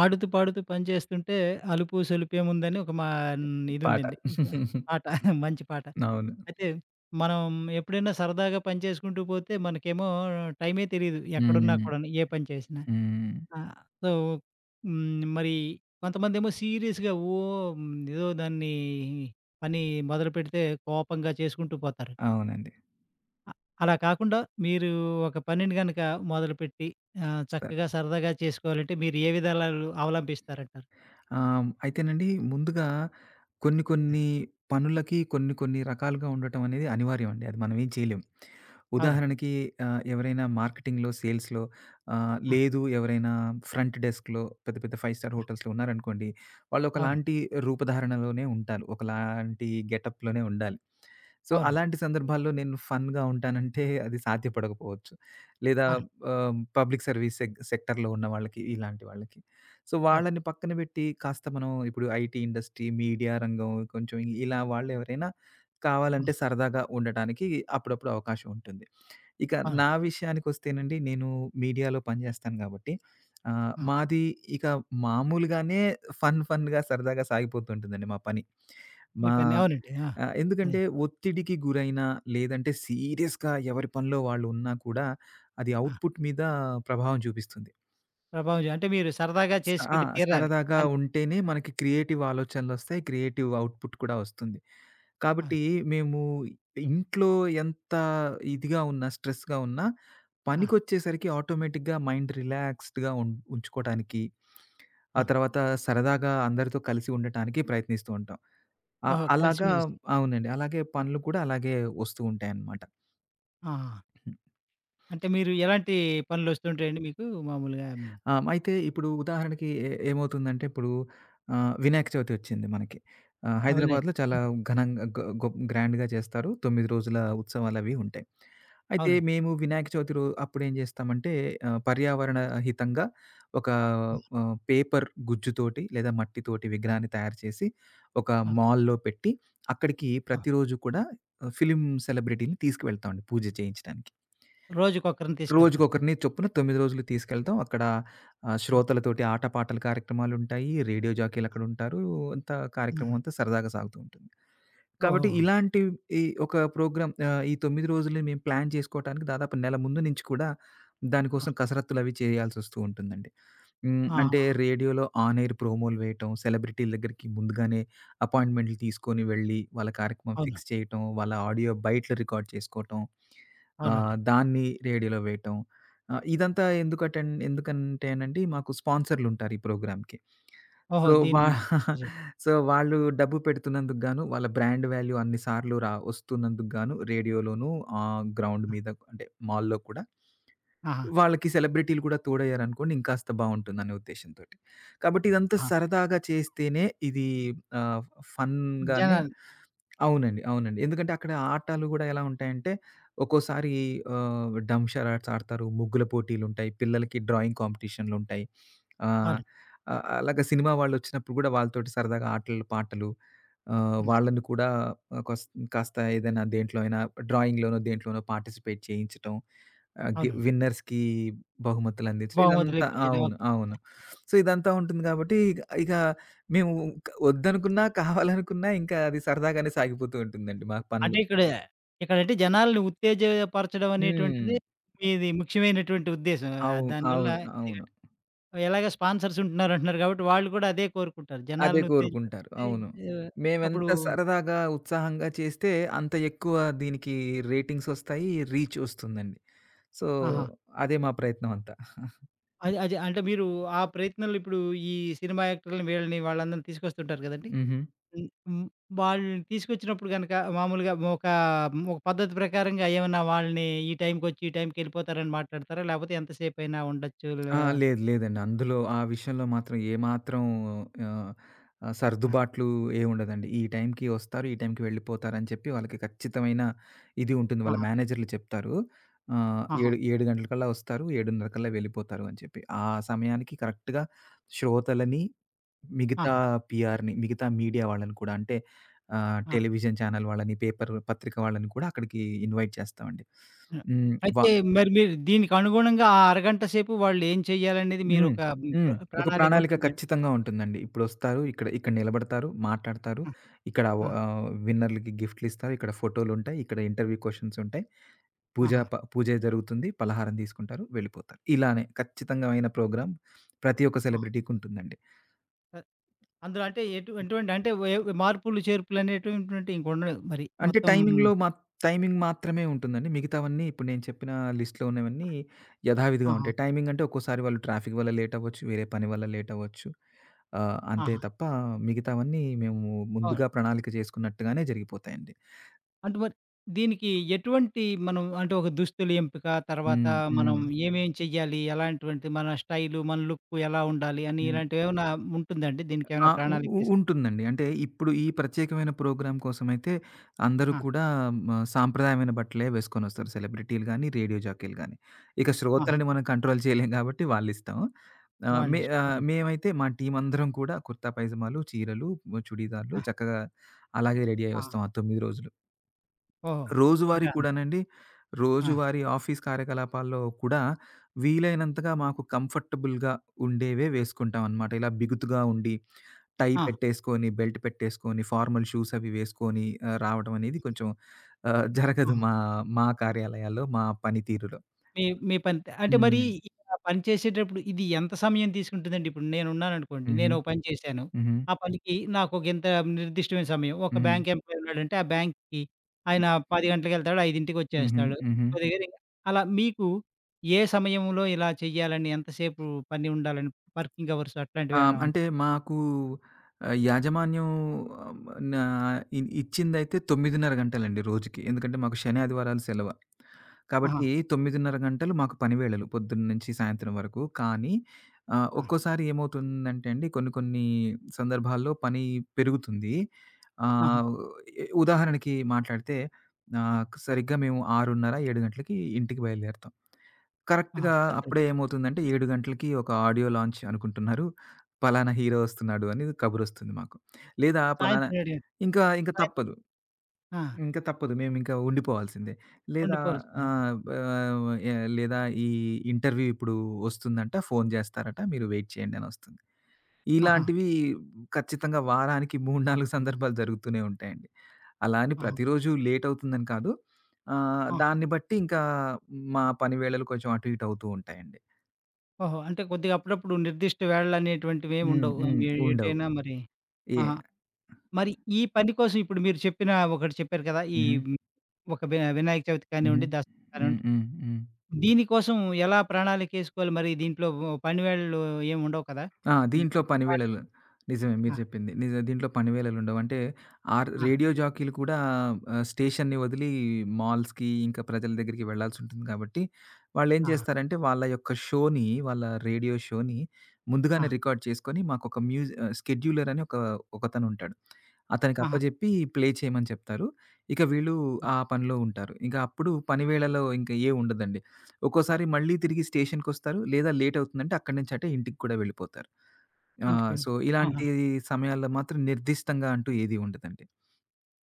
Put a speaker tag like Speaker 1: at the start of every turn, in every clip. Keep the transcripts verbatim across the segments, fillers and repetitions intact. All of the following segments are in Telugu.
Speaker 1: 'ఆడుతూ పాడుతూ పనిచేస్తుంటే అలుపు సలుపు ఏముందని' ఒక మా హ్మ్.
Speaker 2: పాట.
Speaker 1: ఇదుందండి. పాట మంచి పాట.
Speaker 2: అవును.
Speaker 1: అయితే, మనం ఎప్పుడైనా సరదాగా పని చేసుకుంటూ పోతే మనకేమో టైమే తెలీదు,
Speaker 2: హ్మ్.
Speaker 1: ఎక్కడున్నాకూడాను పని చేసినా.
Speaker 2: హ్మ్.
Speaker 1: ఆహ్, సో, హ్మ్, మరి కొంతమందేమో సీరియస్‌గా ఓహ్! ఏదో దాన్ని పని మొదలుపెడితే కోపంగా చేసుకుంటూ పోతారు.
Speaker 2: అవునండి.
Speaker 1: అ అలా కాకుండా మీరు ఒక పనిని గనక మొదలుపెట్టి ఆహ్,
Speaker 2: స
Speaker 1: చక్కగా సరదాగా చేసుకోవాలంటే మీరు ఏ విధాలాలు అవలంబిస్తారంటారు?
Speaker 2: ఆ! అయితేనండి ముందుగా కొన్ని,
Speaker 1: ఆ!
Speaker 2: కొన్ని పనులకి కొన్ని, కొన్ని రకాలుగా ఉండటమనేది అనివార్యమండి. అది మనం ఏం చేయలేం.
Speaker 1: అవునండి.
Speaker 2: ఉదాహరణకి ఆహ్, ఎవరైనా మార్కెటింగ్‌‌లో, సేల్స్‌‌‌లో ఆహ్,
Speaker 1: ఆ!
Speaker 2: లేదు ఎవరైనా ఫ్రంట్ డెస్క్‌‌లో పెద్ద, పెద్ద ఫైవ్ స్టార్
Speaker 1: ఆ!
Speaker 2: హోటల్స్‌‌లో ఉన్నారనుకోండి. వాళ్ళు
Speaker 1: అవును.
Speaker 2: ఒకలాంటి రూపధారణలోనే ఉంటారు. ఒకలాంటి గెటప్‌‌లోనే ఉండాలి. సో,
Speaker 1: అవునండి.
Speaker 2: అలాంటి సందర్భాల్లో నేను ఫన్‌గా ఉంటానంటే అది సాధ్యపడకపోవచ్చు. లేదా
Speaker 1: అవును.
Speaker 2: ఆహ్, పబ్లిక్ సర్వీస్ సె సెక్టర్‌‌లో ఉన్న వాళ్ళకి ఇలాంటి వాళ్ళకి. సో,
Speaker 1: అవును.
Speaker 2: వాళ్ళని పక్కన పెట్టి కాస్త మనం ఇప్పుడు ఐటీ ఇండస్ట్రీ, మీడియా రంగం కొంచెం ఇలా వాళ్ళెవరైనా
Speaker 1: హ్మ్.
Speaker 2: కావాలంటే సరదాగా ఉండటానికి అప్పుడప్పుడు అవకాశం ఉంటుంది. ఇక
Speaker 1: ఆ!
Speaker 2: నా విషయానికొస్తేనండి, నేను మీడియాలో
Speaker 1: హ్మ్.
Speaker 2: పనిచేస్తాను కాబట్టి ఆహ్,
Speaker 1: ఆ!
Speaker 2: మాది ఇక మామూలుగానే ఫన్, ఫన్‌గా సరదాగా సాగిపోతూ ఉంటుందండి మా పని.
Speaker 1: ఈ
Speaker 2: మా
Speaker 1: పని అవునండి. ఆ!
Speaker 2: ఆహ్, ఎందుకంటే,
Speaker 1: హ్మ్.
Speaker 2: ఒత్తిడికి గురైనా లేదంటే సీరియస్‌గా ఎవరి పనిలో వాళ్ళు ఉన్నా కూడా అది
Speaker 1: ఆ!
Speaker 2: అవుట్‌పుట్ మీద ప్రభావం చూపిస్తుంది.
Speaker 1: ప్రభావజ అంటే మీరు సరదాగా
Speaker 2: అ ఆ!
Speaker 1: చేసుకొని తీరాలి
Speaker 2: సరదాగా
Speaker 1: అన్
Speaker 2: ఉంటేనే మనకి క్రియేటివ్ ఆలోచనలొస్తయి. క్రియేటివ్ ఔట్పుట్ కూడా వస్తుంది.
Speaker 1: ఆ!
Speaker 2: కాబట్టి, మేము ఇంట్లో ఎంత ఇదిగా ఉన్నా, స్ట్రెస్‌గా ఉన్నా,
Speaker 1: ఆ!
Speaker 2: పనికొచ్చేసరికి ఆటోమేటిక్‌గా మైండ్ రిలాక్స్డ్‌గా ఉం ఉంచుకోవటానికి, ఆ
Speaker 1: ఆ!
Speaker 2: తర్వాత సరదాగా అందరితో కలిసి ఉండటానికి ప్రయత్నిస్తూ ఉంటాం. ఆహ్,
Speaker 1: ఓహో! కలిసి,
Speaker 2: అలాగా
Speaker 1: మెలిసి.
Speaker 2: అవునండి. అలాగే పనులు కూడా అలాగే వస్తూ ఉంటాయనమాట.
Speaker 1: ఆ! ఆ! అంటే మీరు ఎలాంటి పనులు వస్తుంటాయండి మీకు మామూలుగా?
Speaker 2: ఆహ్, హ్మ్. అయితే ఇప్పుడు ఉదాహరణకి, ఏ ఏమవుతుందంటే ఇప్పుడు ఆహ్, వినాయక చవితి వచ్చింది మనకి. ఆహ్,
Speaker 1: అవునండి.
Speaker 2: హైదరాబాద్లో చాలా ఘనంగా గ గొ గ్రాండ్‌గా చేస్తారు. తొమ్మిది రోజుల ఉత్సవాలవి ఉంటాయి. అయితే
Speaker 1: అవునండి.
Speaker 2: మేము వినాయక చవితి రొ అప్పుడేం చేస్తామంటే, ఆహ్, పర్యావరణ హితంగా ఒక
Speaker 1: హ్మ్.
Speaker 2: ఆహ్, పేపర్ గుజ్జుతోటి లేదా మట్టితోటి విగ్రహాన్ని తయారు చేసి, ఒక
Speaker 1: ఆ!
Speaker 2: మాల్‌లో పెట్టి, అక్కడికి
Speaker 1: ఆ!
Speaker 2: ప్రతిరోజు కూడా ఆహ్, ఫిల్మ్ సెలబ్రిటీని తీసుకవెళ్తామండి పూజ చేయించడానికి.
Speaker 1: రోజుకొక్కరిని తీసుకెళ్తాను.
Speaker 2: రోజుకొకరిని చొప్పున తొమిది రోజులు తీసుకెళ్తాం. అక్కడ ఆహ్,
Speaker 1: ఆ!
Speaker 2: శ్రోతలతోటి ఆట, పాాటల కార్యక్రమాలుంటాయి. రేడియో
Speaker 1: ఆ!
Speaker 2: జాకీలక్కడ ఉంటారు. అంత
Speaker 1: హ్మ్.
Speaker 2: కార్యక్రమం
Speaker 1: హ్మ్.
Speaker 2: అంతా సరదాగా సాగుతూ ఉంటుంది. కాబట్టి,
Speaker 1: ఓహోహో!
Speaker 2: ఇలాంటి ఈ ఒక ప్రోగ్రామ్ ఆహ్, ఈ తొమిది రోజులని మేము ప్లాన్ చేసుకోవటానికి దాదాపు నెల ముందు నుంచి కూడా,
Speaker 1: ఆ!
Speaker 2: దానికోసం కసరత్తులవి చేయాల్సొస్తూ ఉంటుందండి. హ్మ్, అంటే
Speaker 1: ఆహాహా!
Speaker 2: రేడియోలో ఆన్ ఏర్ ప్రోమోలు వేయటం, సెలబ్రిటీల దగ్గరికి ముందుగానే అపాయింట్మెంట్లు తీసుకొని వెళ్ళి, వాళ్ళ కార్యక్రమం
Speaker 1: అవునా!
Speaker 2: ఫిక్స్ చేయటం, వాళ్ళ ఆడియో బయట్ల రికార్డ్ చేసుకోవటం. ఆహ్,
Speaker 1: అవునండి.
Speaker 2: దాన్ని రేడియోలో వేయటం. ఆహ్, ఇదంతా ఎందుకటన్ ఎందుకంటేనండి మాకు స్పాన్సర్లుంటారు, ఈ ప్రోగ్రామ్‌కి.
Speaker 1: ఓహో!
Speaker 2: సో వా
Speaker 1: దీన్నీ జు
Speaker 2: సో, వాళ్ళు డబ్బు పెడుతున్నందుకు గాను, వాళ్ళ బ్రాండ్ వాల్యూ అన్ని సార్లు రా ఒస్తున్నందుకుగాను. రేడియోలోను, ఆహ్, గ్రౌండ్
Speaker 1: హ్మ్.
Speaker 2: మీద అంటే మాల్‌లో కూడా.
Speaker 1: ఆహా!
Speaker 2: వాళ్ళకి సెలబ్రిటీలు కూడా తోడయ్యారనుకోండి, ఇంకాస్త బావుంటుందనే ఉద్దేశంతోటి. కాబట్టి ఇదంతా
Speaker 1: ఆ!
Speaker 2: సరదాగా చేస్తేనే ఇది ఆహ్, ఫన్‌గానే
Speaker 1: జనాలు
Speaker 2: అవునండి, అవునండి. ఎందుకంటే, అక్కడ ఆటలు కూడా ఎలా ఉంటాయంటే, ఒక్కోసారి ఆహ్, డంషరాట్స్ ఆడతారు. ముగ్గుల పోటీలుంటయి. పిల్లలకి డ్రాయింగ్ కాంపిటీషన్లుంటాయి. ఆహ్,
Speaker 1: అవునండి.
Speaker 2: ఆహ్, అలాగా సినిమా వాళ్ళొచ్చినప్పుడు కూడా వాళ్ళతోటి సరదాగా ఆటలు, పాటలు, ఆహ్,
Speaker 1: హ్మ్.
Speaker 2: వాళ్ళని కూడా ఆహ్, కోస్ కాస్త ఏదైనా దేంట్లో అయినా డ్రాయింగ్‌ డ్రాయింగ్‌లోనో, దేంట్లోనో పార్టిసిపేట్ చేయించటం. ఆహ్, గి
Speaker 1: అవునండి.
Speaker 2: విన్నర్స్‌కి బహుమతులందించడం, ఇదంతా
Speaker 1: బహుమతులుపించడం
Speaker 2: అవును. అవును. సో, ఇదంతా ఉంటుంది గాబట్టి ఐ ఇగ మేము ఇక వద్దనుకున్నా, కావాలనుకున్నా ఇంకా అది సరదాగానే సాగిపోతూ ఉంటుందండి మాకు పనులు.
Speaker 1: అంటే ఇక్కడ, ఇక్కడంటే జనాలని ఉత్తేజపరచడం
Speaker 2: హ్మ్.
Speaker 1: అనేటువంటిది, ఇది ముఖ్యమైనటువంటి ఉద్దేశ్యం. ఆహ్,
Speaker 2: అవును,
Speaker 1: దానివల్ల
Speaker 2: అవును,
Speaker 1: ఇదిగ
Speaker 2: అవును.
Speaker 1: ఎలాగ స్పాన్సర్సుంటున్నారంటున్నారు కాబట్టి, వాళ్ళు కూడా అదే కోరుకుంటారు
Speaker 2: అదే
Speaker 1: జనాలను
Speaker 2: కోరుకుంటారు,
Speaker 1: ఉత్తేజించే
Speaker 2: అవును.
Speaker 1: ఆహ్, అప్పుడు
Speaker 2: మేమెంత సరదాగా, ఉత్సాహంగా చేస్తే అంత ఎక్కువ దీనికి రేటింగ్సొస్తాయి, రీచ్ ఒస్తుందండి. సో,
Speaker 1: ఆహా!
Speaker 2: అదే మా ప్రయత్నం అంతా.
Speaker 1: అదె అదె అంటే మీరు ఆ ప్రయత్నంలో ఇప్పుడు ఈ సినిమా యాక్టర్‌ల్ని వీళ్ళని వాళ్ళందరిని తీసుకొస్తుంటారు గదండి!
Speaker 2: హుహు.
Speaker 1: హ్మ్ హ్మ్ వాళ్ళని తీసుకొచ్చినప్పుడు గనక, మామూలుగా ఒక ఒక పద్ధతి ప్రకారంగా ఏవన్నా వాళ్ళని ఈ టైంకొచ్చి ఈ టైంకెళ్ళిపోతారని మాట్లాడతారా? లేకపోతే ఎంతసేపైనా ఉండొచ్చు
Speaker 2: ఆ!
Speaker 1: ఆ
Speaker 2: లేదు లేదండి. అందులో ఆ విషయంలో మాత్రం ఏమాత్రం ఆహ్, ఆహ్,
Speaker 1: ఆ!
Speaker 2: సర్దుబాట్లు ఏముండదండి. ఈ టైంకి ఒస్తారు. ఈ టైంకి వెళ్ళిపోతారని చెప్పి వాళ్ళకి ఖచ్చితమైన ఇది ఉంటుంది. వాళ్ళ
Speaker 1: ఆహా!
Speaker 2: మేనేజరులు చెప్తారు. ఆహ్,
Speaker 1: ఆహా!
Speaker 2: "ఏడు ఏడు గంటల కల్లా ఒస్తారు. ఏడునర్ర కల్లా వెళ్ళిపోతారు" అని చెప్పి. ఆ సమయానికి కరెక్ట్‌గా శ్రోతలని, మిగతా
Speaker 1: ఆహా!
Speaker 2: పీఆర్‌ని, మిగతా మీడియా వాళ్ళని కూడా అంటే ఆహ్,
Speaker 1: ఆ!
Speaker 2: టెలివిజన్ ఛానెల్ వాళ్ళని, పేపర్ పత్రిక వాళ్ళని కూడా అక్కడికి ఇన్వైట్ చేస్తామండి.
Speaker 1: హ్మ్.
Speaker 2: హ్మ్. వా
Speaker 1: అయితే మరి మీరు దీనికనుగుణంగా ఆ అరగంట సేపు వాళ్ళేం చేయ్యాలనేది
Speaker 2: హ్మ్.
Speaker 1: మీరొక
Speaker 2: హ్మ్.
Speaker 1: ప్ర
Speaker 2: ఒక
Speaker 1: ప్రణాళిక
Speaker 2: ప్రణాళిక
Speaker 1: ఉంటుందాండి?
Speaker 2: ఖచ్చితంగా ఉంటుందండి. ఇప్పుడొస్తారు. ఇక్కడ ఇక్కడ నిలబడతారు. మాట్లాడతారు.
Speaker 1: ఆ!
Speaker 2: ఇక్కడ ఓహ్
Speaker 1: ఆ!
Speaker 2: ఆహ్, విన్నర్‌లకి గిఫ్ట్‌లిస్తారు. ఇక్కడ ఫోటోలుంటాయి. ఇక్కడ ఇంటర్‌వ్యూ క్వెషన్స్ ఉంటాయి. పూజా
Speaker 1: ఆహా!
Speaker 2: ప పూజ జరుగుతుంది, పలహారం తీసుకుంటారు, వెళ్ళిపోతారు. ఇలానే ఖచ్చితంగామైన ప్రోగ్రామ్ ప్రతి ఒక్క
Speaker 1: ఆ!
Speaker 2: సెలబ్రిటీకుంటుందండి.
Speaker 1: అ అందులో అంటే ఎటు ఎటువంటి అంటే ఎవ్ మార్పులు, చేర్పులనేటువంటవంటివింక ఉండవు మరి
Speaker 2: అంటే
Speaker 1: మొత్తం.
Speaker 2: టైమింగ్‌లో మాత్ టైమింగ్ మాత్రమే ఉంటుందండి. మిగతావన్నీ ఇప్పుడు నేను చెప్పిన లిస్ట్‌లో ఉన్నవన్నీ, యధావిధిగా
Speaker 1: ఆహా!
Speaker 2: ఉంటాయి. టైమింగ్ అంటే ఒక్కోసారి వాళ్ళు ట్రాఫిక్ వల్ల లేటవ్వచ్చు, వేరే పని వల్ల లేటవ్వచ్చు. ఆహ్, అంతే
Speaker 1: ఆహా!
Speaker 2: తప్ప మిగతావన్నీ మేము
Speaker 1: అవును.
Speaker 2: ముందుగా ప్రణాళిక జేసుకున్నట్టుగానే జరిగిపోతాయండి.
Speaker 1: అంటే, మరి దీనికి ఎటువంటి, మనం అంటే, ఒక దుస్తుల ఎంపిక, తర్వాత
Speaker 2: హ్మ్.
Speaker 1: మనం
Speaker 2: హ్మ్.
Speaker 1: ఏమేం చేయాలి? ఎలాంటివంటే మన స్టైలు, మన లుక్కు ఎలా ఉండాలి? అని,
Speaker 2: హ్మ్.
Speaker 1: ఇలాంటివి ఏమన్నా ఉంటుందాండి?
Speaker 2: ఆ!
Speaker 1: దీనికిేమైనా
Speaker 2: ఉ
Speaker 1: ప్రణాళిక
Speaker 2: ఉ
Speaker 1: చేసు
Speaker 2: ఉంటుందండి. అంటే ఇప్పుడు ఈ ప్రత్యేకమైన ప్రోగ్రామ్ కోసమైతే, అందరూ
Speaker 1: ఆ!
Speaker 2: కూడా మ సాంప్రదాయమైన బట్టలే వేసుకొని వస్తారు. సెలబ్రిటీలు గానీ, రేడియో జాకీలు గాని. ఇక
Speaker 1: ఆహా!
Speaker 2: శ్రోతలని మనం కంట్రోల్ చేయలేం కాబట్టి, వాళ్ళిస్తం. ఆహ్,
Speaker 1: వాళ్ళ
Speaker 2: మే ఆహ్,
Speaker 1: ఇష్టం.
Speaker 2: మేమైతే మా టీమ్ అందరం కూడా కుర్తా పైజమాలు, చీరలు, ఆహ్, చుడీదార్లు
Speaker 1: ఆ!
Speaker 2: చక్కగా అలాగే రెడీ అయ్యి
Speaker 1: ఆ!
Speaker 2: వస్తాం ఆ తొమ్మిది రోజులు.
Speaker 1: ఓహో!
Speaker 2: రోజువారీ
Speaker 1: అంటాన్
Speaker 2: కూడానండి,
Speaker 1: ఆ!
Speaker 2: రోజువారీ ఆఫీస్ కార్యకలాపాల్లో కూడా వీలైనంతగా మాకు కంఫర్టబుల్‌గా ఉండేవే వేసుకుంటాంనమాట. ఇలా బిగుతుగా ఉండి, టై
Speaker 1: ఆ!
Speaker 2: పెట్టేసుకొని బెల్ట్ పెట్టేసుకొని, ఫార్మల్ షూస్ అవి వేసుకొని ఆహ్, రావటమనేది కొంచెం ఆహ్, జరగదు
Speaker 1: ఆ!
Speaker 2: మా మా కార్యాలయాల్లో మా పనితీరులో.
Speaker 1: మీ మీ పని, అంటే మరి
Speaker 2: హ్మ్.
Speaker 1: ఇక్కడ పని చేసేటప్పుడు ఇది ఎంత సమయం తీసుకుంటుందండి? ఇప్పుడు నేను ఉన్నాననుకోండి,
Speaker 2: హుహు.
Speaker 1: నేను పని చేశాను.
Speaker 2: హుహు.
Speaker 1: ఆ పనికి నాకు ఇంత నిర్దిష్టమైన సమయం. ఒక
Speaker 2: హ్మ్.
Speaker 1: బ్యాంక్ ఎంప్లాయి ఉన్నాడంటే, ఆ బ్యాంక్‌కి ఆయన పది గంట్లకెళ్తాడు. ఐదింటికి
Speaker 2: హుహు.
Speaker 1: వచ్చేస్తాడు.
Speaker 2: హుహు.
Speaker 1: [unintelligible] అలా మీకు ఏ సమయంలో ఇలా చేయ్యాలని, ఎంతసేపు పని ఉండాలని, వర్కింగ్ అవర్స్
Speaker 2: ఆ!
Speaker 1: అట్లాంటివి ఏమైనా
Speaker 2: అంటే మాకూ ఆహ్, యాజమాన్యం ఆహ్, వమ న ఇ ఇచ్చిందైతే తొమ్మిదిన్నర గంటలండి రోజుకి. ఎందుకంటే, మాకు శని ఆదివారాలు సెలవ.
Speaker 1: ఆహా!
Speaker 2: కాబట్టి తొమ్మిదిన్నర గంటలు మాకు పనివేళలు. పొద్దున నుంచి సాయంత్రం వరకు. కానీ, ఆహ్,
Speaker 1: ఆ!
Speaker 2: ఒక్కోసారి ఏమవుతుందంటే అండి, కొన్ని కొన్ని సందర్భాల్లో పని పెరుగుతుంది.
Speaker 1: ఆహా!
Speaker 2: ఆహ్, ఉ ఇ ఉదాహరణకి, మాట్లాడితే ఆహ్, సరిగ్గా మేము ఆరున్నర ఏడు గంటలకి ఇంటికి బయలుదేరుతాం. కరెక్ట్‌గా
Speaker 1: ఆహా!
Speaker 2: అప్పుడే ఏమవుతుందంటే, ఏడు గంటలకి ఒక ఆడియో లాంచ్ అనుకుంటున్నారు. పలానా హీరో వస్తున్నాడు అనేది కబురు వస్తుంది మాకు. లేదా పలానా
Speaker 1: సాయంత్రం ఏడు.
Speaker 2: ఇంకా ఇంక
Speaker 1: సాయంత్రం
Speaker 2: తప్పదు.
Speaker 1: ఆ!
Speaker 2: ఇంక తప్పదు, మేమింక ఉండిపోవాల్సిందే. లేదా,
Speaker 1: ఉండిపోవలసిందే.
Speaker 2: ఆహ్, బ ఆవ ఎ లేదా ఈ "ఇంటర్వ్యూ ఇప్పుడు వస్తుందంట, ఫోను చేస్తారట, మీరు వెయిట్ చేయండి" అని వస్తుంది.
Speaker 1: ఆహా!
Speaker 2: ఇలాంటివి ఖచ్చితంగా వారానికి మూడు, నాలుగు సందర్భాలు జరుగుతూనే ఉంటాయండి. అలా అని
Speaker 1: ఆహ!
Speaker 2: ప్రతిరోజు లేట్ అవుతుందని కాదు. ఆహ్,
Speaker 1: ఆ!
Speaker 2: దాన్ని బట్టి ఇంకా, మా పనివేళలు కొంచెం అటుఇటు అవుతూ ఉంటాయండి.
Speaker 1: ఓహో! అంటే కొద్దిగా అప్పుడప్పుడు నిర్దిష్ట వేళలు అనేటువంటివేమి
Speaker 2: హ్మ్,
Speaker 1: ఉండవు.
Speaker 2: హ్మ్. ఉండవు.
Speaker 1: ఏటైనా మరి?
Speaker 2: ఏ
Speaker 1: ఆహా! మరి ఈ పని కోసం ఇప్పుడు మీరు చెప్పిన ఒకటి చెప్పారు కదా! ఈహ్,
Speaker 2: హుహు.
Speaker 1: హ్మ్. ఒక వి వినాయక చవితి
Speaker 2: హ్మ్.
Speaker 1: కానివ్వండి, దసరా
Speaker 2: హ్మ్,
Speaker 1: కానివ్వండి,
Speaker 2: హ్మ్, హ్మ్.
Speaker 1: దీనికోసం ఎలా ప్రణాళికేసుకోవాలి? మరి దీంట్లో పనివేళలు ఏమి ఉండవు కదా?
Speaker 2: ఆ! దీంట్లో
Speaker 1: [unintelligible]
Speaker 2: పనివేళలు నిజమే మీరు
Speaker 1: ఆ!
Speaker 2: చెప్పింది, నిజమే దీంట్లో పనివేళలు ఉండవు. అంటే ఆర్
Speaker 1: ఆ!
Speaker 2: రేడియో జాకీలు కూడా ఆహ్ స్టేషన్‌ని వదిలి మాల్స్‌కీ ఇంకా ప్రజల దగ్గరికి వెళ్ళాల్సుంటుంది, గాబట్టి వాళ్ళేం
Speaker 1: ఆ!
Speaker 2: చేస్తారంటే వాళ్ళ యొక్క షోని వాళ్ళ రేడియో షోని ముందుగానే
Speaker 1: ఆ!
Speaker 2: రికార్డ్ చేసుకొని, మాక ఒక మ్యూజ స్కెడ్యూలర్ అని ఒక ఒకతను ఉంటాడు. అతనికి
Speaker 1: ఆహా!
Speaker 2: అప్పజెప్పి ప్లే చేయమని చెప్తారు. ఇక వీళ్ళు ఆ పనిలో ఉంటారు. ఇక అప్పుడు పనివేళలో ఇంక ఏమి ఉండదండి. ఒక్కోసారి మళ్ళీ తిరిగి స్టేషన్‌కొస్తారు. లేదా లేట్ అవుతుందంటే అక్కడి నుంచి అటే ఇంటికి కూడా వెళ్ళిపోతారు. ఆ!
Speaker 1: ఇంటికాడ
Speaker 2: సో
Speaker 1: ఆహా!
Speaker 2: ఇలాంటి సమయాల్లో మాత్రం నిర్దిష్టంగా అంటూ ఏది ఉండదండి.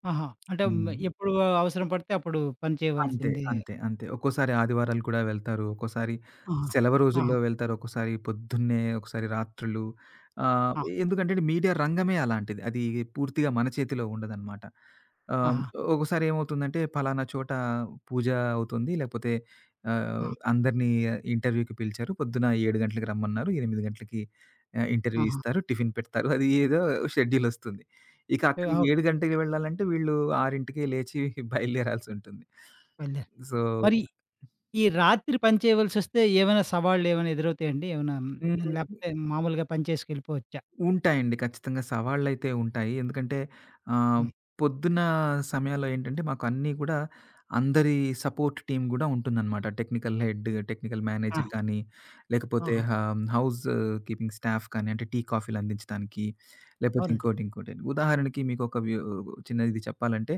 Speaker 1: ఆహా! అంటే మ
Speaker 2: హ్మ్.
Speaker 1: ఎప్పుడు అవసరం పడితే అప్పుడు పని
Speaker 2: అంతే.
Speaker 1: చేయవల్సిందే.
Speaker 2: అంతే. అంతే. ఒక్కోసారి ఆదివారాలు కూడా వెళ్తారు. ఒక్కోసారి
Speaker 1: ఆహా!
Speaker 2: సెలవు రోజుల్లో
Speaker 1: ఆహా!
Speaker 2: వెళ్తారు. ఒకసారి పొద్దున్నే ఒకసారి రాత్రులు ఆహ్,
Speaker 1: ఆ!
Speaker 2: ఎందుకంటే మీడియా రంగమే అలాంటిది. అది పూర్తిగా మన చేతిలో ఉండదనమాట. ఆహ్,
Speaker 1: ఆహా!
Speaker 2: ఒకసారి ఏమవుతుందంటే పలానా చోట పూజ అవుతుంది, లేకపోతే ఆహ్,
Speaker 1: ఆ!
Speaker 2: అందరినీ ఇంటర్వ్యూకి పిలిచారు, పొద్దున ఏడు గంటలకు రమ్మన్నారు. ఎనిమిది గంటలకి ఇంటర్వ్యూ
Speaker 1: ఆహా!
Speaker 2: ఇస్తారు. టిఫిన్ పెడతారు. అది ఏదో షెడ్యూల్ వస్తుంది. ఇక
Speaker 1: ఏ
Speaker 2: అక్కడికి
Speaker 1: ఆగు
Speaker 2: ఏడు గంటకి వెళ్ళాలంటే వీళ్ళు ఆరుంటీకే లేచి బయలుదేరాల్సి ఉంటుంది.
Speaker 1: బయలుదేర్
Speaker 2: సో
Speaker 1: మరి, ఈ రాత్రి పని చేయవల్సొస్తే ఏమైనా సవాళ్ళు ఏమైనా ఎదురవుతాయండి? ఏమన్నా
Speaker 2: హ్మ్.
Speaker 1: లేకపోతే మామూలుగా పని చేసుకెళ్ళిపోవచ్చా?
Speaker 2: ఉంటాయండి. ఖచ్చితంగా సవాళ్ళైతే ఉంటాయి. ఎందుకంటే ఆహ్,
Speaker 1: హ్మ్.
Speaker 2: పొద్దున్న సమయాల్లో ఏంటంటే మాకు అన్నీ కూడా అందరి సపోర్ట్ టీమ్ గూడా ఉంటుందన్నమాట. టెక్నికల్ హెడ్, టెక్నికల్ మేనేజర్
Speaker 1: ఆహా!
Speaker 2: కానీ, లేకపోతే
Speaker 1: ఆహా!
Speaker 2: హ హౌస్ కీపింగ్ స్టాఫ్ కానీ అంటే టీ కాఫీలు అందించడాానికి లేకపోతే
Speaker 1: అవునండి.
Speaker 2: ఇంకోటి ఇంకోటి. ఉదాహరణకి మీకు ఒకక వ చిన్న ఇది చెప్పాలంటే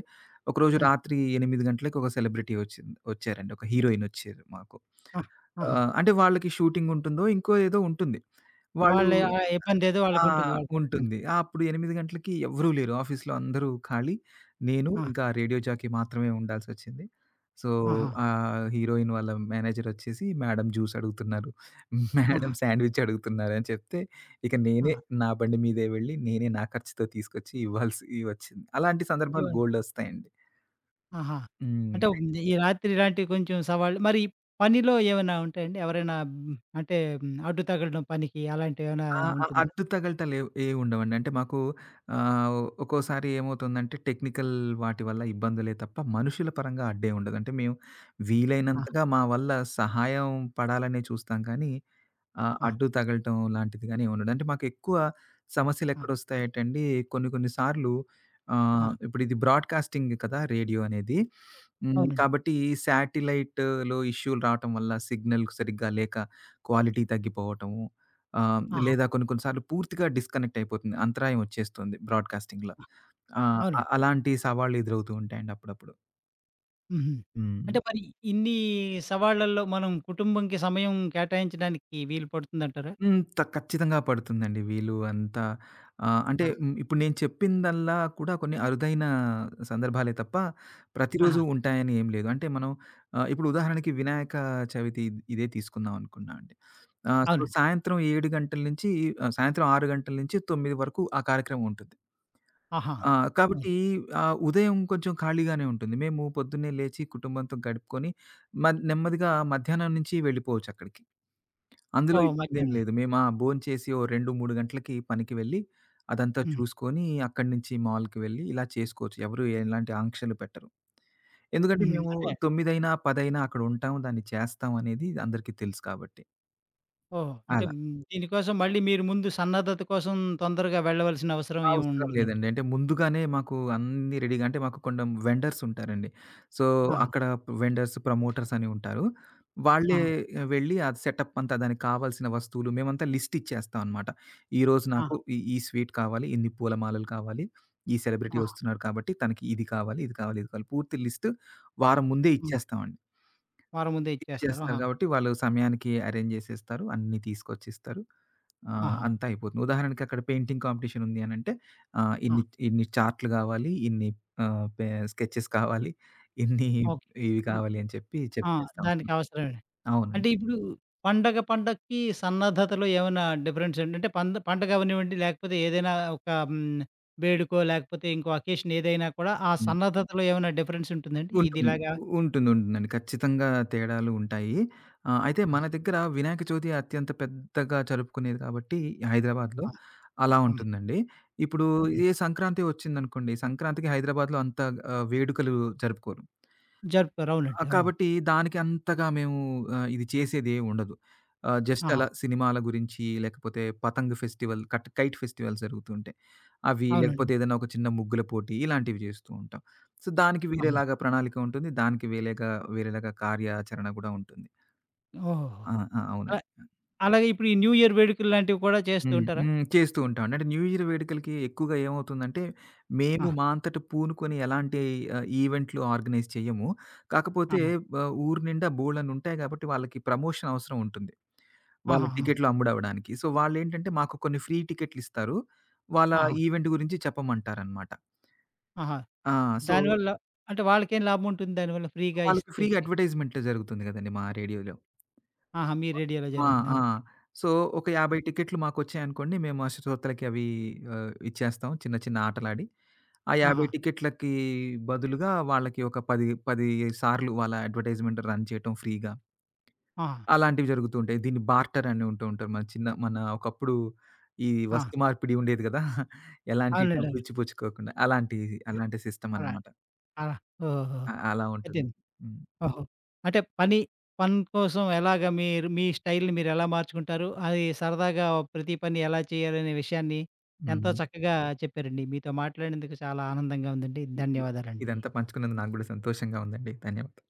Speaker 2: ఒకరోజు
Speaker 1: ఆ!
Speaker 2: రాత్రి ఎనిమిది గంటలకి ఒక సెలబ్రిటీ వచ్చిింది వచ్చారండి. ఒక హీరోయినొచ్చారు మాకు.
Speaker 1: ఆ!
Speaker 2: ఆ!
Speaker 1: ఆహా!
Speaker 2: అంటే వాళ్ళకి షూటింగ్ ఉంటుందో ఇంకో ఏదో ఉంటుంది. వాళ్ళు
Speaker 1: వాళ్ళ ఆ ఇబ్బందేదో
Speaker 2: ఆ!
Speaker 1: వాళ్ళకుంటుంది వాలలు చెప్పకపోయిన
Speaker 2: ఉంటుంది. ఆ అప్పుడు ఎనిమిది గంటలకి ఎవ్వరూ లేరు. ఆఫీస్లో అందరూ ఖాళీ నేను
Speaker 1: ఆ!
Speaker 2: ఇంకా రేడియో జాకీ మాత్రమే ఉండాల్సొచ్చింది. సో
Speaker 1: ఆహా!
Speaker 2: ఆ హీరోయిన్ వాళ్ళ మేనేజర్ వచ్చేసి "మేడమ్ జూస్" అడుగుతున్నారు.
Speaker 1: ఆహా!
Speaker 2: మేడమ్ శాండ్విచ్ అడుగుతున్నారుని చెప్తే ఇక నేనే
Speaker 1: ఆ!
Speaker 2: నా బండి మీదే వెళ్ళి నేనే నా ఖర్చుతో తీసుకొచ్చి ఇవ్వాల్సొచ్చింది. అలాంటి సందర్భాలు
Speaker 1: ఏమని.
Speaker 2: బోల్డొస్తాయండి.
Speaker 1: ఆహా! అంటే
Speaker 2: హ్మ్.
Speaker 1: ఈ రాత్రిలాంటివి కొంచెం సవాళ్ళు మరి పనిలో ఏమన్నా ఉంటాయండి? ఎవరైన హ్మ్ అంటే హ్మ్, అడ్డు తగలడం పనికి అలాంటివేవన్నా
Speaker 2: ఆ! ఆ!
Speaker 1: ఉంటుందా?
Speaker 2: అడ్డుతగలటలు ఏ ఏం ఉండవండి. అంటే మాకు ఆహ్, ఒ ఒక్కోసారి ఏమవుతుందంటే టెక్నికల్ వాటి వల్ల ఇబ్బందులే తప్ప మనుషుల పరంగా అడ్డే ఉండదు. అంటే మేము
Speaker 1: ఆ!
Speaker 2: వీలైనంతగా మా వల్ల సహాయం పడాలనే చూస్తాం కానీ ఆ!
Speaker 1: ఆ!
Speaker 2: అడ్డు తగలటం లాంటిది గాని ఏమిండదు. అంటే మాకెక్కువ సమస్యలు
Speaker 1: ఆ!
Speaker 2: ఎక్కడ వస్తాయటండి కొన్ని కొన్ని సార్లు ఆహ్,
Speaker 1: ఆ!
Speaker 2: ఇప్పుడు ఇది బ్రాడ్‌కాస్టింగ్‌ కదా రేడియో అనేది. హ్మ్.
Speaker 1: అవునండి.
Speaker 2: కాబట్టి శాటిలైట్‌లో ఇష్యూలు రావటం వల్ల సిగ్నల్ సరిగ్గా లేక క్వాలిటీ తగ్గిపోవటము. ఆహ్, హ్మ్.
Speaker 1: ఆహా!
Speaker 2: లేదా కొన్ని కొన్ని సార్లు పూర్తిగా డిస్‍కనెక్ట్ అయిపోతుంది. అంతరాయం వచ్చేస్తుంది బ్రాడ్‌కాస్టింగ్‌ల.
Speaker 1: ఆ!
Speaker 2: ఆ!
Speaker 1: అవునండి.
Speaker 2: అలాంటి సవాళ్ళు ఎదురవుతూ ఉంటాయండి అప్పుడప్పుడు.
Speaker 1: హుహు.
Speaker 2: హ్మ్.
Speaker 1: అంటే మరి ఇన్ని సవాళ్ళల్లో మనం కుటుంబంకి సమయం కేటాయించడానికి వీలు పడుతుందంటారా?
Speaker 2: హ్మ్. త ఖచ్చితంగా పడుతుందండి. వీళ్ళు అంతా ఆహ్, అంటే
Speaker 1: ఆ!
Speaker 2: హ్మ్ ఇప్పుడు నేను చెప్పిందల్లా కూడా కొన్ని అరుదైన సందర్భాలే తప్ప,
Speaker 1: ఆహా!
Speaker 2: ప్రతిరోజు ఉంటాయని ఏం లేదు. అంటే మనం ఆహ్, ఇప్పుడు ఉదాహరణకి 'వినాయక చవితి' ఇ ఇదే తీసుకుందాం అనుకున్నా అండి. ఆహ్, సో,
Speaker 1: అవునండి.
Speaker 2: సాయంత్రం ఏడు గంటల నుంచి ఆహ్, సాయంత్రం గంటల ఆరు గంటల నుంచి తొమ్మిది వరకు ఆ కార్యక్రమం ఉంటుంది.
Speaker 1: ఆహా!
Speaker 2: ఆ!
Speaker 1: హ్మ్.
Speaker 2: కాబట్టి ఆహ్, ఉదయం కొంచెం ఖాళీగానే ఉంటుంది. మేము పొద్దున్నే లేచి కుటుంబంతో గడుపుకొని మ నెమ్మదిగా మధ్యాహ్నం నుంచి వెళ్ళిపోవచ్చక్కడికి. అందులో
Speaker 1: ఓహో!
Speaker 2: ఇబ్బందేం
Speaker 1: మద్యానమా?
Speaker 2: లేదు. మేం ఆ! భోంచేసి, ఓ రెండు మూడు గంటలకి పనికి వెళ్ళి, అదంతా
Speaker 1: హ్మ్.
Speaker 2: చూసుకొని అక్కడి నుంచి మాల్‌కి వెళ్ళి ఇలా చేసుకోవచ్చు. ఎవరు ఇలాంటి ఆంక్షలు పెట్టరు. ఎందుకంటే
Speaker 1: హుహు.
Speaker 2: మేము
Speaker 1: అంటే
Speaker 2: తొమ్మిదైనా, పదైనా అక్కడుంటాం, దాన్ని చేస్తాం అనేది అందరికీ తెలుసు కాబట్టి.
Speaker 1: ఓహో! అంటే,
Speaker 2: అలా.
Speaker 1: మ్ దీనికోసం మళ్ళీ మీరు ముందు సన్నద్ధత కోసం తొందరగా వెళ్ళవలసిన అవసరం
Speaker 2: అవసరం
Speaker 1: ఏముండదంట.
Speaker 2: లేదండి. అంటే, ముందుగానే మాకు అన్నీ రెడీగా అంటే మాకు కొండం వెండర్స్ ఉంటారండి. సో,
Speaker 1: ఆహా!
Speaker 2: అక్కడ వెండర్స్, ప్రమోటర్స్ అని ఉంటారు. వాళ్ళే
Speaker 1: ఆహా!
Speaker 2: వెళ్ళి అది సెటప్ అంతా దానికి కావాల్సిన వస్తువులు మేమంతా లిస్ట్ ఇచ్చేస్తాం అనమాట. ఈ రోజు
Speaker 1: ఆ!
Speaker 2: నాకు ఈ ఈ స్వీటు కావాలి, ఇన్ని పూలమాలలు కావాలి. ఈ సెలబ్రిటీ
Speaker 1: ఆ!
Speaker 2: వస్తున్నారు కాబట్టి తనకి ఇది కావాలి, ఇది కావాలి, ఇది కావాలి, పూర్తి లిస్టు వారం ముందే
Speaker 1: హ్మ్.
Speaker 2: ఇచ్చేస్తామండి.
Speaker 1: వారం ముందే ఇచ్చేస్తారు.
Speaker 2: ఇచ్చేస్తారు
Speaker 1: ఆహా!
Speaker 2: కాబట్టి, వాళ్ళు సమయానికి ఎరేంజ్ జేసేస్తారు. అన్నీ తీసుకొచ్చి ఇస్తారు. ఆహ్,
Speaker 1: ఆహా!
Speaker 2: అంతా అయిపోతుంది. ఉదాహరణకక్కడ పెయింటింగ్ కాంపిటీషన్ ఉంది అనంటే ఆహ్,
Speaker 1: ఆ!
Speaker 2: ఇన్ని ఇన్ని చార్టులు కావాలి. ఇన్ని ఆహ్, పే స్కెచెస్ కావాలి. ఇన్ని
Speaker 1: ఓకే.
Speaker 2: ఇవి
Speaker 1: హ్మ్.
Speaker 2: కావాలి అని చెప్పి,
Speaker 1: ఆ!
Speaker 2: చెప్పేస్తాం అండి.
Speaker 1: దానికవసరమే.
Speaker 2: అవునండి.
Speaker 1: అంటే, ఇప్పుడు పండగ, పండగకి సన్నద్ధతలో ఏమన్నా డిఫరెన్స్ ఏంటంటే పంద పండగవ్వనివ్వండి లేకపోతే ఏదైనా ఒక హ్మ్. వేడుకో, లేకపోతే ఇంకో అకేషనేదైనా కూడా ఆ
Speaker 2: హ్మ్.
Speaker 1: సన్నద్ధతలో ఏమైనా డిఫరెన్స్ ఉంటుందా అండి?
Speaker 2: ఉంటుంది,
Speaker 1: ఇదిలాగా
Speaker 2: ఉంటుంది, ఉంటుందండి. ఖచ్చితంగా తేడాలు ఉంటాయి. ఆహ్, అయితే
Speaker 1: ఆ!
Speaker 2: మన దగ్గర వినాయక చవితి అత్యంత పెద్దగా జరుపుకునేది కాబట్టి హైదరాబాద్‌లో
Speaker 1: ఆ!
Speaker 2: అలా
Speaker 1: ఆ!
Speaker 2: ఉంటుందండి. ఇప్పుడు
Speaker 1: హ్మ్.
Speaker 2: ఏ సంక్రాంతి వచ్చిందనుకోండి, సంక్రాంతికి హైదరాబాద్‌లో అంత ఆహ్, వేడుకలు జరుపుకోరు.
Speaker 1: జరుపుతారు. అవునండి.
Speaker 2: ఆహ్,
Speaker 1: అవును.
Speaker 2: కాబట్టి, దానికంతగా మేము ఆహ్, ఇది చేసేదేముండదు. ఆహ్, జస్ట్
Speaker 1: ఆహా!
Speaker 2: అలా సినిమాల గురించి, లేకపోతే పతంగ్ ఫెస్టివల్ కట్ కైట్ ఫెస్టివల్స్ జరుగుతూ ఉంటాయి. అవి,
Speaker 1: అవునండి.
Speaker 2: లేకపోతే ఏదైనా ఒక చిన్న ముగ్గుల పోటీ, ఇలాంటివి చేస్తూ ఉంటాం. సో, దానికి
Speaker 1: అవును.
Speaker 2: వేరేలాగా ప్రణాళిక ఉంటుంది. దానికి వేలేగా వేరేలాగా కార్యాచరణ కూడా ఉంటుంది. ఆ!
Speaker 1: ఓహోహోహో!
Speaker 2: ఆ! అవునండి.
Speaker 1: ఆహ్,
Speaker 2: ఆ!
Speaker 1: అలాగే ఇప్పుడు ఈ న్యూ ఇయర్ వేడుకల లాంటివి కూడా చేస్తూ
Speaker 2: హ్మ్.
Speaker 1: ఉంటారా?
Speaker 2: హ్మ్. చేస్తూ ఉంటామండి. అంట న్యూ ఇయర్ వేడుకలకి ఎక్కువగా ఏమవుతుందంటే, మేము
Speaker 1: ఆ!
Speaker 2: మా అంతట పూనుకొని ఎలాంటి ఆహ్, ఈవెంట్లు ఆర్గనైజ్ చెయ్యము. కాకపోతే
Speaker 1: ఆహా!
Speaker 2: వ ఊరు నిండా బోల్డన్నుంటాయి కాబట్టి వాళ్ళకి ప్రమోషన్ అవసరం ఉంటుంది. వాళ్ళ
Speaker 1: ఆహాహాహా!
Speaker 2: టికెట్లు అమ్ముడవడానికి. సో, వాళ్ళేంటంటే మాకు కొన్ని ఫ్రీ టికెట్లిస్తారు. వాళ్ళ
Speaker 1: ఆహా!
Speaker 2: ఈవెంట్ గురించి చెప్పమంటారనమాట.
Speaker 1: ఆహా!
Speaker 2: ఆ! సో
Speaker 1: దానివల్ల అంటే వాళ్ళకేం లాభముంటుంది దానివల్ల ఫ్రీగా
Speaker 2: వాళ్ళకి ఫ్రీగా
Speaker 1: ఇస్తంటే?
Speaker 2: అడ్వర్టైజ్‌మెంట్లు జరుగుతుంది కదండీ మా రేడియోలో.
Speaker 1: ఆహా! మీ రేడియోలో
Speaker 2: ప ఆ!
Speaker 1: జరుగుతుందా?
Speaker 2: ఆ!
Speaker 1: ఓకే.
Speaker 2: సో, ఒక యాబై
Speaker 1: ఆ!
Speaker 2: 50 టికెట్లు మాకొచ్చాయనుకోండి, మేము ఆ శ్రోతలకి అవి ఆహ్, ఇచ్చేస్తాం, చిన్న చిన్న ఆటలాడి. ఆ యాబై
Speaker 1: ఆహా!
Speaker 2: టికెట్లకి బదులుగా వాళ్ళకి ఒక పది పది సార్లు వాళ్ళ అడ్వర్టైజ్‌మెంట్ రన్ చేయటం ఫ్రీగా.
Speaker 1: ఆహా!
Speaker 2: అలాంటివి జరుగుతూ ఉంటాయి. దీన్ని బార్టర్ అని ఉంటూ ఉంటాం. మన చిన్న మన ఒకప్పుడు ఈ
Speaker 1: ఆ!
Speaker 2: వస్తు మార్పిడి ఉండేది కదా! ఎలాంటి
Speaker 1: అవునండి
Speaker 2: డబ్బు
Speaker 1: అవును.
Speaker 2: ఇచ్చి పుచ్చుకోకుండా. అలాంటి,
Speaker 1: ఆ!
Speaker 2: అలాంటి సిస్టమ్
Speaker 1: అలా,
Speaker 2: అనమాట.
Speaker 1: అలా. ఓహో!
Speaker 2: అ అలా ఉంటుంది.
Speaker 1: అయిపోయింది.
Speaker 2: హ్మ్.
Speaker 1: ఓహో! అంటే పని, పని కోసం ఎలాగా మీరు మీ స్టైల్‌ని మీరెలా మార్చుకుంటారు? అది సరదాగా ప్రతి పని ఎలా చేయాలనే విషయాన్ని, ఎంతో
Speaker 2: హ్మ్.
Speaker 1: చక్కగా చెప్పారండి. మీతో మాట్లాడినందుకు చాలా ఆనందంగా ఉందండి. ధన్యవాదాలండి.
Speaker 2: ఇదంతా పంచుకున్నందు నాకు గూడా సంతోషంగా ఉందండి. ధన్యవాదాలు.